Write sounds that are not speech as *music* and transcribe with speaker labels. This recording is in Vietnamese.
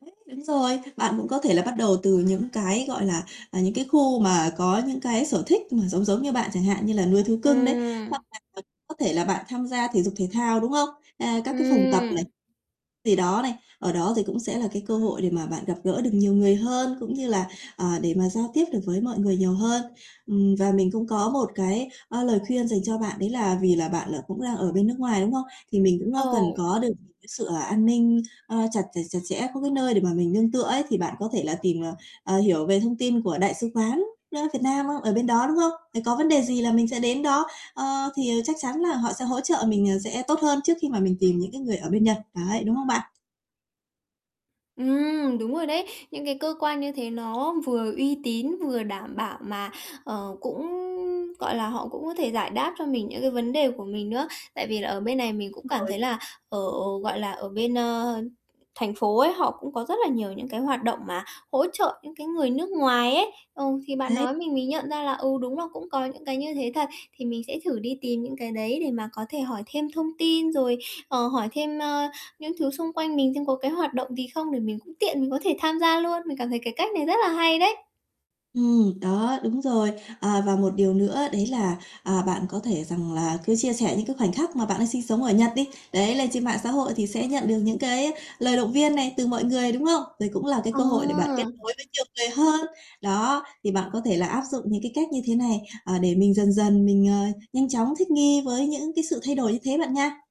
Speaker 1: *unintelligible* Đúng rồi. Bạn cũng có thể là bắt đầu từ những cái, gọi là, à, những cái khu mà có những cái sở thích mà giống giống như bạn, chẳng hạn như là nuôi thú cưng đấy, hoặc
Speaker 2: Ừm.
Speaker 1: là có có thể là bạn tham gia thể dục thể thao, đúng hông? À, các cái phòng tập
Speaker 2: Ừm.
Speaker 1: này. Thì, đó, này, ở đó thì cũng sẽ là cái cơ hội để mà bạn gặp gỡ được nhiều người hơn, cũng như là, ờ, để mà giao tiếp được với mọi người nhiều hơn. Ừm, và mình cũng có một cái, ơ, lời khuyên dành cho bạn, đấy là vì là bạn, ờ, cũng đang ở bên nước ngoài, đúng hông? Thì mình cũng, a, cần
Speaker 2: Ồ!
Speaker 1: có được những cái sự, à, an ninh, ơ, chặt chặt chặt chẽ, có cái nơi để mà mình nương tựa ấy. Thì bạn có thể là tìm, ờ, ờ, hiểu về thông tin của Đại sứ quán, a, Việt Nam á, ở bên đó, đúng hông? Thì có vấn đề gì là mình sẽ đến đó, ờ, thì, ờ, chắc chắn là họ sẽ hỗ trợ mình, ờ, sẽ tốt hơn trước khi mà mình tìm những cái người ở bên Nhật, ấy, đúng hông bạn?
Speaker 2: Ừm, đúng rồi đấy, những cái cơ quan như thế nó vừa uy tín, vừa đảm bảo mà, ờ, cũng, gọi là, họ cũng có thể giải đáp cho mình những cái vấn đề của mình nữa. Tại vì là ở bên này mình cũng cảm
Speaker 1: *unintelligible*
Speaker 2: thấy là, ờ, ờ, gọi là, ở bên, ơ, thành phố ấy họ cũng có rất là nhiều những cái hoạt động mà hỗ trợ những cái người nước ngoài ấy. Ờ, thì bạn
Speaker 1: Đấy.
Speaker 2: nói mình mới nhận ra là, ừ, đúng là cũng có những cái như thế thật. Thì mình sẽ thử đi tìm những cái đấy để mà có thể hỏi thêm thông tin rồi, ờ, hỏi thêm, ơ, những thứ xung quanh mình xem có cái hoạt động gì không để mình cũng tiện mình có thể tham gia luôn. Mình cảm thấy cái cách này rất là hay đấy.
Speaker 1: Ừm, đó, đúng rồi. À, và một điều nữa đấy là, à, bạn có thể rằng là cứ chia sẻ những cái khoảnh khắc mà bạn đang sinh sống ở Nhật đi. Đấy, lên trên mạng xã hội thì sẽ nhận được những cái á lời động viên này từ mọi người, đúng hông? Đây cũng là cái cơ hội để bạn kết
Speaker 2: À!
Speaker 1: nối với nhiều người hơn. Đó, thì bạn có thể là áp dụng những cái cách như thế này, ờ, để mình dần dần mình, ờ, nhanh chóng thích nghi với những cái sự thay đổi như thế bạn nha.